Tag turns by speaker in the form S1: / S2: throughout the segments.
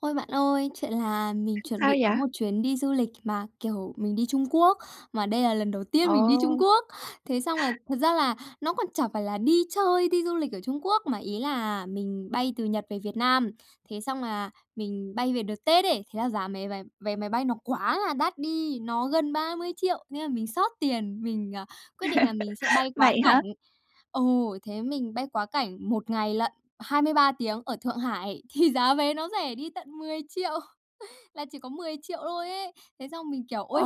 S1: Ôi, bạn ơi, chuyện là mình chuẩn
S2: Sao
S1: bị
S2: vậy?
S1: có một chuyến đi du lịch mà, kiểu, mình đi Trung Quốc, mà đây là lần đầu tiên mình đi Trung
S2: Ồ!
S1: Quốc. Thế xong là thật ra là nó còn chẳng phải là đi chơi, đi du lịch ở Trung Quốc, mà ý là mình bay từ Nhật về Việt Nam. Thế xong là mình bay về đợt Tết ấy, thế là giá mé vé máy vé máy bay nó quá là đắt đi, nó gần 30.000.000 thế là mình xót tiền, mình, ờ, quyết định là mình sẽ bay quá
S2: Vậy hả?
S1: cảnh. Ừ, thế mình bay quá cảnh 1 ngày lận, 23 tiếng ở Thượng Hải, thì giá vé nó rẻ đi tận 10.000.000 là chỉ có 10.000.000 thôi ấy. Thế xong mình kiểu: "Ôi!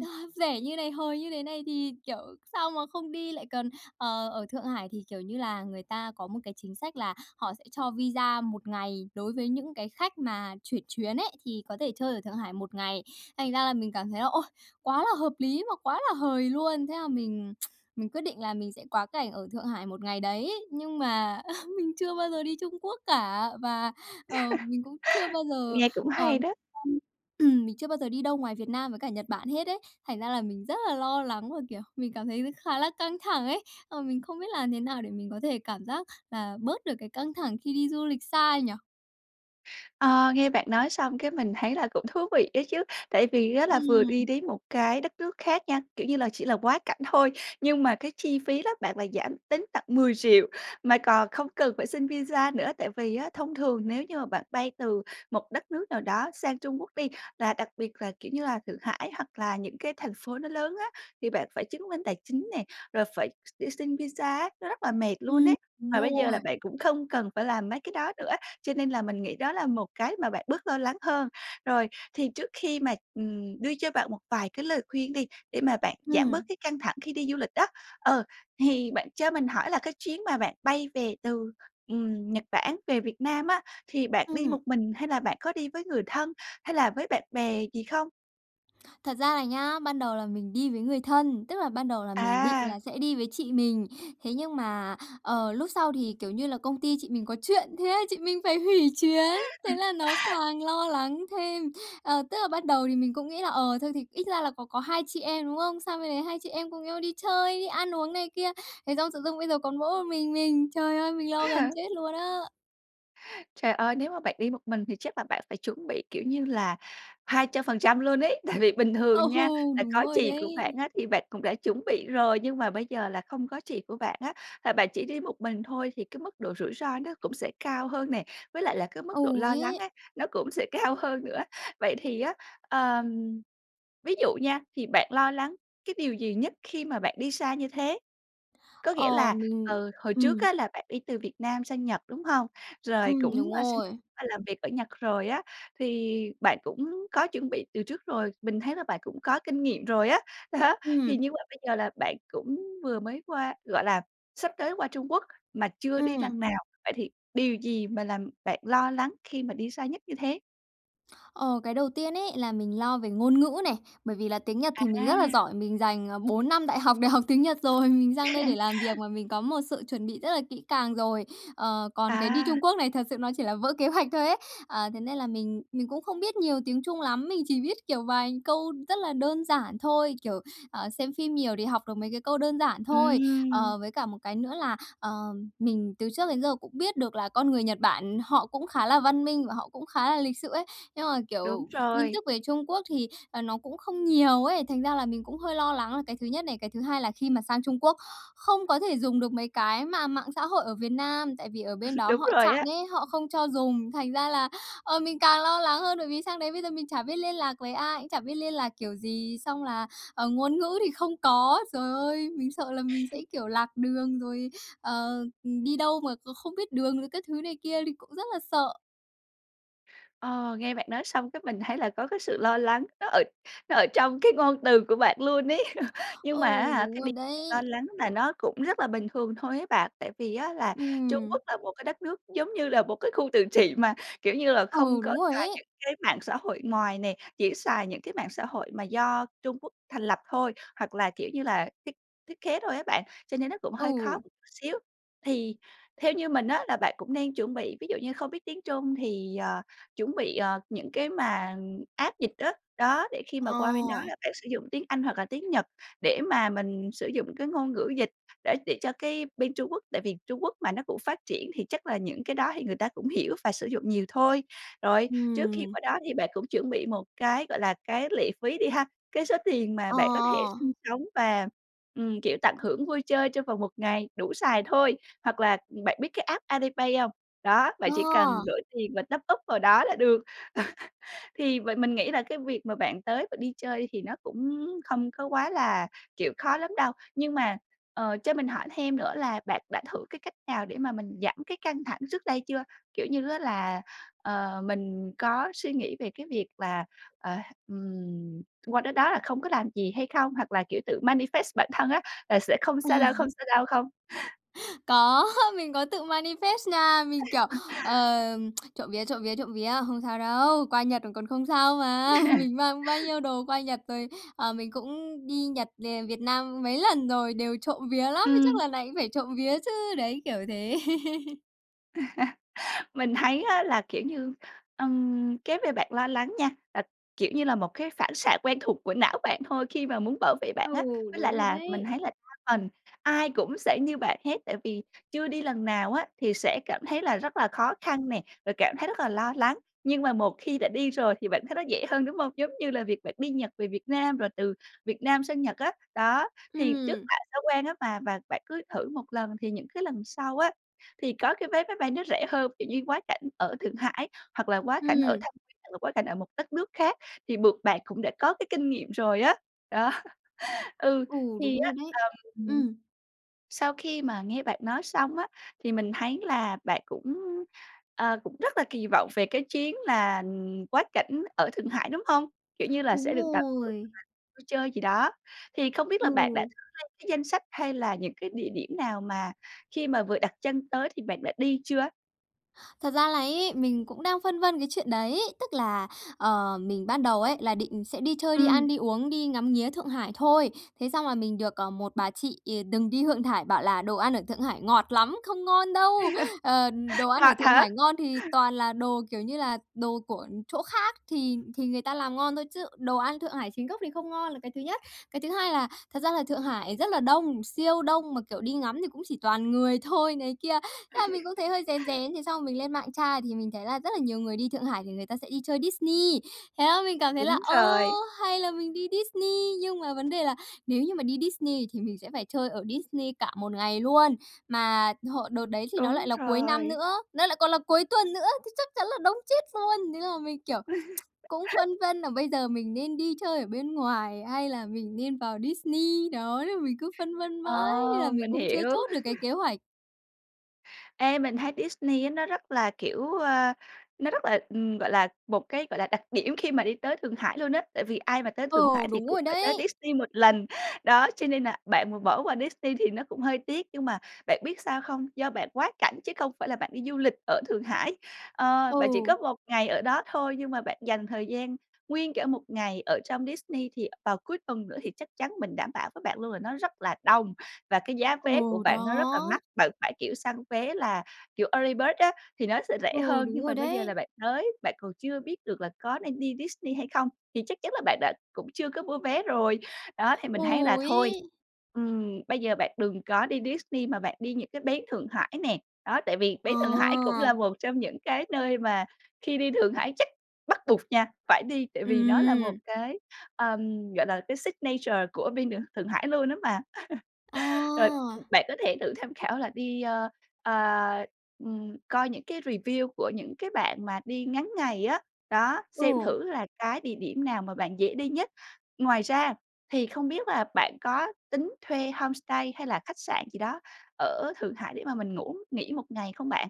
S1: A, rẻ như thế này, hời như thế này thì kiểu sao mà không đi lại còn, ờ, ở Thượng Hải." Thì, kiểu như là, người ta có một cái chính sách là họ sẽ cho visa 1 ngày đối với những cái khách mà chuyển chuyến ấy, thì có thể chơi ở Thượng Hải 1 ngày. Thành ra là mình cảm thấy là, ôi, quá là hợp lý mà quá là hời luôn, thế là mình mình quyết định là mình sẽ quá cảnh ở Thượng Hải một ngày đấy, nhưng mà mình chưa bao giờ đi Trung Quốc cả, và, ờ, mình cũng chưa bao giờ,
S2: Nghe cũng
S1: ờ,
S2: hay đó!
S1: [unintelligible] ừm, mình chưa bao giờ đi đâu ngoài Việt Nam với cả Nhật Bản hết ấy, thành ra là mình rất là lo lắng, và, kiểu, mình cảm thấy khá là căng thẳng ấy. Ờ, mình không biết làm thế nào để mình có thể cảm giác là bớt được cái căng thẳng khi đi du lịch xa nhỉ?
S2: Ờ, nghe bạn nói xong cái mình thấy là cũng thú vị đó chứ. Tại vì á, là, vừa đi
S1: Ừm.
S2: đến một cái đất nước khác nha, kiểu như là, chỉ là quá cảnh thôi, nhưng mà cái chi phí đó bạn lại giảm đến tận 10.000.000 mà còn không cần phải xin visa nữa. Tại vì á, thông thường nếu như mà bạn bay từ một đất nước nào đó sang Trung Quốc đi, và đặc biệt là, kiểu như là, Thượng Hải hoặc là những cái thành phố nó lớn á, thì bạn phải chứng minh tài chính nè, rồi phải x đi xin visa á, nó rất là mệt luôn
S1: Ừm,
S2: ấy,
S1: mình
S2: mà
S1: hiểu
S2: bây giờ là
S1: rồi.
S2: bạn cũng không cần phải làm mấy cái đó nữa, cho nên là mình nghĩ đó là một cái mà bạn bớt lo lắng hơn. Rồi, thì trước khi mà, ừm, đưa cho bạn một vài cái lời khuyên đi, để mà bạn giảm bớt
S1: Ừm.
S2: cái căng thẳng khi đi du lịch đó, ờ, thì bạn cho mình hỏi là cái chuyến mà bạn bay về từ, ừm, Nhật Bản về Việt Nam á, thì bạn đi
S1: Ừm.
S2: một mình hay là bạn có đi với người thân hay là với bạn bè gì không?
S1: Thật ra là nhá, ban đầu là mình đi với người thân, tức là ban đầu là mình định
S2: À!
S1: là sẽ đi với chị mình. Thế nhưng mà, ờ, lúc sau thì, kiểu như là, công ty chị mình có chuyện, thế chị mình phải hủy chuyến, thế là nó càng lo lắng thêm. Ờ, tức là bắt đầu thì mình cũng nghĩ là, ờ, thôi thì ít ra là có có hai chị em, đúng không? Sang bên đấy hai chị em cùng nhau đi chơi, đi ăn uống này kia. Thế xong tự dưng bây giờ còn mỗi một mình mình, trời ơi mình
S2: Thế
S1: lo gần
S2: hả?
S1: chết luôn á!
S2: Trời ơi, nếu mà bạn đi một mình thì chắc là bạn phải chuẩn bị kiểu như là 200% luôn ấy. Tại vì bình
S1: Ừ!
S2: thường nha, là
S1: Đúng
S2: có
S1: rồi
S2: chị của
S1: đấy.
S2: bạn á thì bạn cũng đã chuẩn bị rồi, nhưng mà bây giờ là không có chị của bạn á, là bạn chỉ đi một mình thôi, thì cái mức độ rủi ro nó cũng sẽ cao hơn nè, với lại là cái mức độ
S1: Ừ
S2: lo lắng
S1: ấy.
S2: ấy, nó cũng sẽ cao hơn nữa. Vậy thì á, ờm, ví dụ nha, thì bạn lo lắng cái điều gì nhất khi mà bạn đi xa như thế? Có nghĩa
S1: Ờ,
S2: là,
S1: mình
S2: ờ, hồi trước
S1: ừm.
S2: á là bạn đi từ Việt Nam sang Nhật, đúng hông? Rồi
S1: Ừm,
S2: cũng
S1: đúng
S2: qua xin
S1: rồi.
S2: qua làm việc ở Nhật rồi á, thì bạn cũng có chuẩn bị từ trước rồi, mình thấy là bạn cũng có kinh nghiệm rồi á. Đó, thì
S1: Ừm.
S2: như vậy bây giờ là bạn cũng vừa mới qua gọi là, sắp tới qua Trung Quốc mà chưa đi
S1: Ừm.
S2: lần nào. Vậy thì điều gì mà làm bạn lo lắng khi mà đi xa nhất như thế?
S1: Ờ, cái đầu tiên ấy là mình lo về ngôn ngữ này, bởi vì là tiếng Nhật thì mình rất là
S2: À!
S1: giỏi, mình dành, à, 4 năm đại học để học tiếng Nhật rồi, mình sang đây để làm việc mà, mình có một sự chuẩn bị rất là kỹ càng rồi. Ờ, còn cái đi
S2: À.
S1: Trung Quốc này thật sự nó chỉ là vỡ kế hoạch thôi ấy. Ờ, thế nên là mình mình cũng không biết nhiều tiếng Trung lắm, mình chỉ biết, kiểu, vài câu rất là đơn giản thôi, kiểu, ờ, xem phim nhiều thì học được mấy cái câu đơn giản thôi.
S2: Ừm.
S1: Ờ, với cả một cái nữa là, ờ, mình từ trước đến giờ cũng biết được là con người Nhật Bản họ cũng khá là văn minh và họ cũng khá là lịch sự ấy. Nhưng mà,
S2: Đúng
S1: kiểu, tin
S2: rồi.
S1: tức về Trung Quốc thì, ờ, nó cũng không nhiều ấy, thành ra là mình cũng hơi lo lắng là cái thứ nhất này, cái thứ hai là khi mà sang Trung Quốc không có thể dùng được mấy cái mà mạng xã hội ở Việt Nam, tại vì ở bên đó
S2: Đúng
S1: họ
S2: rồi
S1: chặn
S2: đó.
S1: ấy, họ không cho dùng. Thành ra là, ờ, mình càng lo lắng hơn, bởi vì sang đấy bây giờ mình chả biết liên lạc với ai, cũng chả biết liên lạc kiểu gì, xong là, ờ, ngôn ngữ thì không có. Giời ơi, mình sợ là mình sẽ, kiểu, lạc đường rồi, ờ, ừm, đi đâu mà kh không biết đường rồi các thứ này kia, thì cũng rất là sợ.
S2: Ờ, nghe bạn nói xong cái mình thấy là có cái sự lo lắng, nó ở nó ở trong cái ngôn từ của bạn luôn ấy. Nhưng
S1: Ừ,
S2: mà á hả, cái
S1: đúng
S2: điều
S1: rồi
S2: mà
S1: đấy.
S2: bạn lo lắng là nó cũng rất là bình thường thôi ấy bạn. Tại vì á, là, Trung
S1: Ừm.
S2: Quốc là một cái đất nước giống như là một cái khu tự trị mà, kiểu như là, không
S1: Ừ,
S2: có
S1: đúng rồi
S2: xài
S1: ấy.
S2: những cái mạng xã hội ngoài nè. Chỉ xài những cái mạng xã hội mà do Trung Quốc thành lập thôi, hoặc là, kiểu như là, thiết thiết kế thôi á bạn. Cho nên nó cũng hơi khó một
S1: Ừ.
S2: chút xíu. Thì theo như mình á, là bạn cũng nên chuẩn bị ví dụ như không biết tiếng Trung thì, ờ, chuẩn bị, ờ, những cái mà app dịch á. Đó, để khi mà qua bên đó
S1: Ờ.
S2: là bạn sử dụng tiếng Anh hoặc là tiếng Nhật để mà mình sử dụng cái ngôn ngữ dịch để tiện cho cái bên Trung Quốc. Tại vì Trung Quốc mà nó cũng phát triển thì chắc là những cái đó thì người ta cũng hiểu và sử dụng nhiều thôi. Rồi, trước khi
S1: Ừm.
S2: qua đó thì bạn cũng chuẩn bị một cái, gọi là, cái lệ phí đi ha, cái số tiền mà
S1: Ờ.
S2: bạn có thể sinh sống và, ừm, kiểu, tận hưởng vui chơi trong vòng một ngày, đủ xài thôi. Hoặc là, ừm, bạn biết cái app Alipay hông? Đó, bạn
S1: Ờ.
S2: chỉ cần đổi tiền và topup vào đó là được. Thì vậy mình nghĩ là cái việc mà bạn tới và đi chơi thì nó cũng không có quá là, kiểu, khó lắm đâu. Nhưng mà, ờ, cho mình hỏi thêm nữa là, bạn đã thử cái cách nào để mà mình giảm cái căng thẳng trước đây chưa? Kiểu như á là, ờ, mình có suy nghĩ về cái việc là, ờ, ừm, qua tới đó là không có làm gì hay không? Hoặc là, kiểu, tự manifest bản thân á là "Sẽ không
S1: Ờ.
S2: sao đâu, không sao đâu" Không?
S1: Có, mình có tự manifest nha. Mình, kiểu: "Ờm, trộm vía, trộm vía, trộm vía. Không sao đâu. Qua Nhật rồi còn không sao mà. Mình mang bao nhiêu đồ qua Nhật rồi, à, mình cũng đi Nhật về Việt Nam mấy lần rồi, đều trộm vía lắm. Thế chắc
S2: Ừm.
S1: lần này cũng phải trộm vía chứ." Đấy, kiểu thế.
S2: Mình thấy á là, kiểu như, ừm, cái về bạn lo lắng nha là kiểu như là, một cái phản xạ quen thuộc của não bạn thôi khi mà muốn bảo vệ
S1: Ừ,
S2: bạn á. Với lại
S1: đúng rồi
S2: là mình thấy
S1: đấy.
S2: là đa phần ai cũng sẽ như bạn hết, tại vì, chưa đi lần nào á, thì sẽ cảm thấy là rất là khó khăn nè, rồi cảm thấy rất là lo lắng. Nhưng mà một khi đã đi rồi thì bạn thấy nó dễ hơn, đúng hông? Giống như là việc bạn đi Nhật về Việt Nam rồi từ Việt Nam sang Nhật á, đó, thì trước
S1: Ừm.
S2: lạ sau quen á, mà, và bạn cứ thử một lần thì những cái lần sau á, thì có cái vé máy bay nó rẻ hơn, kiểu như quá cảnh ở Thượng Hải hoặc là quá cảnh ở
S1: Ừm.
S2: Thâm Quyến hoặc là quá cảnh ở một đất nước khác thì buộc bạn cũng đã có cái kinh nghiệm rồi á, đó. Ừ,
S1: Ừ,
S2: thì
S1: đúng
S2: á,
S1: rồi đấy,
S2: ờm,
S1: ừm.
S2: sau khi mà nghe bạn nói xong á, thì mình thấy là bạn cũng, ờ, cũng rất là kỳ vọng về cái chuyến là quá cảnh ở Thượng Hải, đúng hông? Kiểu như là
S1: Đúng
S2: sẽ được [unintelligible]
S1: rồi.
S2: vui chơi gì đó. Thì không biết là bạn đã
S1: Ừ.
S2: thử lên cái danh sách hay là những cái địa điểm nào mà khi mà vừa đặt chân tới thì bạn đã đi chưa?
S1: Thật ra là ấy mình cũng đang phân vân cái chuyện đấy, tức là, ờ, mình ban đầu ấy là định sẽ đi chơi, đi ăn,
S2: Ừm.
S1: đi uống, đi ngắm nghía Thượng Hải thôi. Thế xong là mình được, ờ, một bà chị, ờ, đừng đi Thượng Thải, bảo là "Đồ ăn ở Thượng Hải ngọt lắm, không ngon đâu! Ờ, đồ ăn ở
S2: Ngọt
S1: Thượng
S2: hả?
S1: Hải ngon thì toàn là đồ, kiểu như là, đồ của chỗ khác thì thì người ta làm ngon thôi. Chứ đồ ăn Thượng Hải chính gốc thì không ngon là cái thứ nhất. Cái thứ hai là thật ra là Thượng Hải rất là đông, siêu đông, mà, kiểu, đi ngắm thì cũng chỉ toàn người thôi." Này kia, thế là mình cũng thấy hơi rén rén, thế xong rồi mình lên mạng tra thì mình thấy là rất là nhiều người đi Thượng Hải thì người ta sẽ đi chơi Disney. Thế là mình cảm thấy là,
S2: Đúng
S1: ơ,
S2: rồi.
S1: hay là mình đi Disney, nhưng mà vấn đề là nếu như mà đi Disney thì mình sẽ phải chơi ở Disney cả một ngày luôn. Mà hộ đợt đấy thì nó
S2: Đúng
S1: lại là cuối năm
S2: rồi.
S1: nữa, nó lại còn là cuối tuần nữa, thì chắc chắn là đông chết luôn! Thế là mình, kiểu, cũng phân vân là bây giờ mình nên đi chơi ở bên ngoài, hay là mình nên vào Disney, đó, nên mình cứ phân vân
S2: Ờ,
S1: mãi, nên là mình
S2: mình
S1: cũng chưa
S2: hiểu.
S1: chốt được cái kế hoạch.
S2: Ê, mình thấy Disney á, nó rất là, kiểu, ờ, nó rất là, ừm, gọi là, một cái, gọi là, đặc điểm khi mà đi tới Thượng Hải luôn á, tại vì ai mà tới Thượng Hải
S1: Ừ,
S2: thì
S1: đúng
S2: cũng
S1: rồi
S2: phải tới
S1: đấy.
S2: Disney 1 lần. Đó, cho nên nà bạn bỏ qua Disney thì nó cũng hơi tiếc, nhưng mà bạn biết sao không? Do bạn quá cảnh chứ không phải là bạn đi du lịch ở Thượng Hải, ờ, bạn chỉ có
S1: Ừ.
S2: 1 ngày ở đó thôi, nhưng mà bạn dành thời gian nguyên cả một ngày ở trong Disney, thì vào cuối tuần nữa, thì chắc chắn mình đảm bảo với bạn luôn là nó rất là đông, và cái giá vé của
S1: Ừ,
S2: bạn
S1: đó.
S2: nó rất là mắc. Bạn phải, kiểu, săn vé là, kiểu, Early Bird á, thì nó sẽ rẻ
S1: Ừ,
S2: hơn, nhưng
S1: đúng
S2: mà
S1: rồi
S2: bây giờ là
S1: đấy.
S2: bạn tới, bạn còn chưa biết được là có nên đi Disney hay không, thì chắc chắn là bạn đã cũng chưa có mua vé rồi. Đó, thì mình thấy là
S1: Ừ
S2: thôi,
S1: ấy.
S2: ừm, bây giờ bạn đừng có đi Disney, mà bạn đi những cái bến Thượng Hải nè. Đó, tại vì bến Thượng Hải cũng là
S1: À!
S2: một trong những cái nơi mà khi đi Thượng Hải chắc bắt buộc nha, phải đi, tại vì nó là một
S1: Ừm.
S2: cái, ờm, gọi là, cái signature của bên Thượng Thượng Hải luôn á mà. Rồi
S1: À!
S2: bạn có thể thử tham khảo là đi, ờ, ờ, ừm, coi những cái review của những cái bạn mà đi ngắn ngày á, đó, xem
S1: Ừ.
S2: thử là cái địa điểm nào mà bạn dễ đi nhất. Ngoài ra thì không biết là bạn có tính thuê homestay hay là khách sạn gì đó ở Thượng Hải để mà mình ngủ, nghỉ 1 ngày không bạn?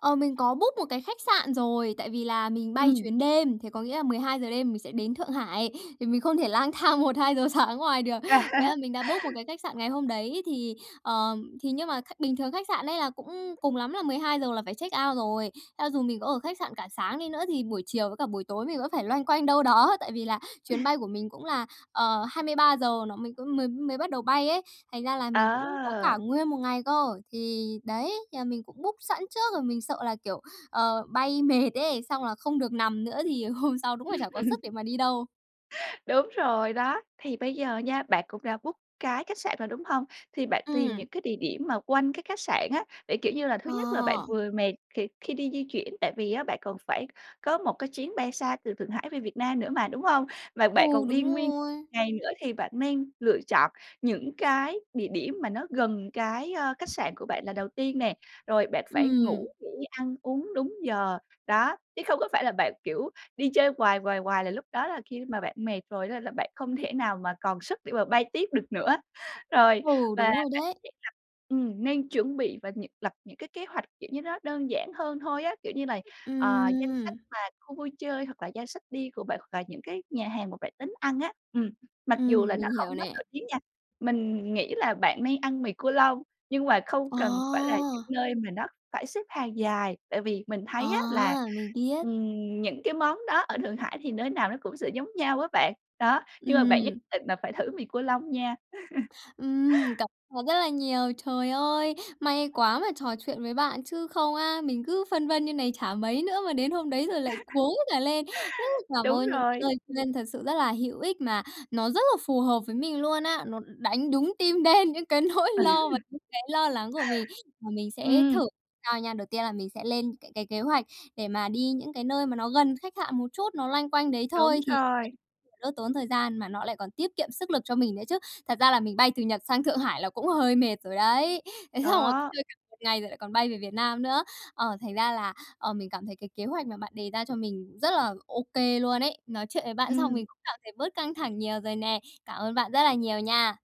S1: Ờ, mình có book một cái khách sạn rồi. Tại vì là mình bay
S2: Ừm.
S1: chuyến đêm thì có nghĩa là 12:00 đêm mình sẽ đến Thượng Hải, thì mình không thể lang thang 1:00-2:00 sáng ở ngoài được. Thế là mình đã book một cái khách sạn ngày hôm đấy thì, ờ, thì nhưng mà khách bình thường khách sạn ấy, là, cũng cùng lắm là 12:00 là phải check out rồi. Cho dù mình có ở khách sạn cả sáng đi nữa thì buổi chiều với cả buổi tối mình vẫn phải loanh quanh đâu đó. Tại vì là chuyến bay của mình cũng là, ờ, 23:00 nó mới có có mới mới bắt đầu bay ấy, thành ra là mình cũng có cả
S2: À!
S1: nguyên một ngày cơ. Thì đấy, nhờ mình cũng book sẵn trước rồi mình sợ là, kiểu, ờ, bay mệt ấy, xong là không được nằm nữa thì hôm sau đúng là chả có sức để mà đi đâu.
S2: Đúng rồi đó, thì bây giờ nha, bạn cũng đã book cái khách sạn rồi đúng hông? Thì bạn tìm
S1: Ừm.
S2: những cái địa điểm mà quanh cái khách sạn á, để kiểu như là thứ nhất là bạn
S1: Ờ.
S2: vừa mệt khi khi đi di chuyển, tại vì á bạn còn phải có một cái chuyến bay xa từ Thượng Hải về Việt Nam nữa mà đúng hông? Và
S1: Ừ,
S2: bạn còn đi
S1: đúng
S2: nguyên một
S1: rồi.
S2: ngày nữa, thì bạn nên lựa chọn những cái địa điểm mà nó gần cái, ơ, khách sạn của bạn là đầu tiên nè, rồi bạn phải ngủ
S1: Ừm.
S2: nghỉ ăn uống đúng giờ. Đó, chứ không có phải là bạn kiểu đi chơi quài, quài, quài, là lúc đó là khi mà bạn mệt rồi đó là bạn không thể nào mà còn sức để mà bay tiếp được nữa. Rồi
S1: Ừ,
S2: và
S1: đúng rồi
S2: bạn cũng
S1: đấy.
S2: sẽ gặp ừm, nên chuẩn bị và những lập những cái kế hoạch kiểu như nó đơn giản hơn thôi á, kiểu như là, ờ, danh sách
S1: Ừm.
S2: mà khu vui chơi, hoặc là danh sách đi của bạn, hoặc là những cái nhà hàng mà bạn tính ăn á. Ừm, mặc dù là
S1: Ừm,
S2: nó
S1: mình hiểu
S2: không quá
S1: nè.
S2: nổi tiếng nha. Mình nghĩ là bạn nên ăn mì cua lông, nhưng mà không cần phải là những
S1: À!
S2: nơi mà nó phải xếp hàng dài, tại vì mình thấy á, là,
S1: À, mình biết.
S2: ừm, những cái món đó ở Thượng Hải thì nơi nào nó cũng sẽ giống nhau á, bạn. Đó, nhưng mà bạn nhất
S1: Ừm.
S2: định là phải thử mì cua lông nha.
S1: Ừm, cảm ơn rất là nhiều. Trời ơi! May quá mà trò chuyện với bạn chứ không á, mình cứ phân vân như này, chả mấy nữa mà đến hôm đấy rồi lại cuống cả lên. Rất là cảm
S2: Đúng
S1: ơn những
S2: rồi.
S1: lời khuyên thật sự rất là hữu ích mà, nó rất là phù hợp với mình luôn á. Nó đánh đúng tim đen những cái nỗi lo và những cái lo lắng của mình. Và mình sẽ thử
S2: Ừm.
S1: sau nha. Đầu tiên là mình sẽ lên những cái cái kế hoạch, để mà đi những cái nơi mà nó gần khách sạn một chút, nó loanh quanh đấy
S2: Đúng
S1: thôi, thì chắc
S2: rồi.
S1: là đỡ tốn thời gian, mà nó lại còn tiết kiệm sức lực cho mình nữa chứ. Thật ra là mình bay từ Nhật sang Thượng Hải là cũng hơi mệt rồi đấy. Thế xong rồi còn
S2: Đó.
S1: chơi cả một ngày rồi lại còn bay về Việt Nam nữa, ờ thành ra là, ờ, mình cảm thấy cái kế hoạch mà bạn đề ra cho mình rất là OK luôn ấy. Nói chuyện với bạn xong
S2: Ừm.
S1: mình cũng cảm thấy bớt căng thẳng nhiều rồi nè. Cảm ơn bạn rất là nhiều nha.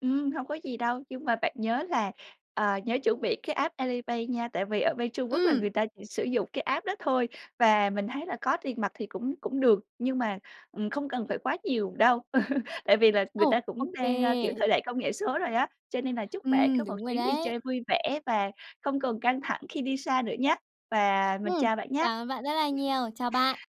S2: Ừm, hông có gì đâu. Nhưng mà bạn nhớ là, ờ, nhớ chuẩn bị cái app Alipay nha, tại vì ở bên Trung Quốc là người
S1: Ừm.
S2: ta chỉ sử dụng cái app đó thôi. Và mình thấy là có tiền mặt thì cũng cũng được, nhưng mà, ừm, không cần phải quá nhiều đâu. Tại vì là, người
S1: Ờ,
S2: ta cũng
S1: OK.
S2: đang, ơ, kiểu thời đại công nghệ số rồi á. Cho nên là chúc bạn có
S1: Ừm,
S2: một
S1: đúng rồi
S2: chuyến đi
S1: đấy.
S2: chơi vui vẻ, và không còn căng thẳng khi đi xa nữa nhá. Và mình
S1: Ừm,
S2: chào bạn
S1: cảm ơn bạn rất là
S2: nhá.
S1: nhiều. Chào bạn.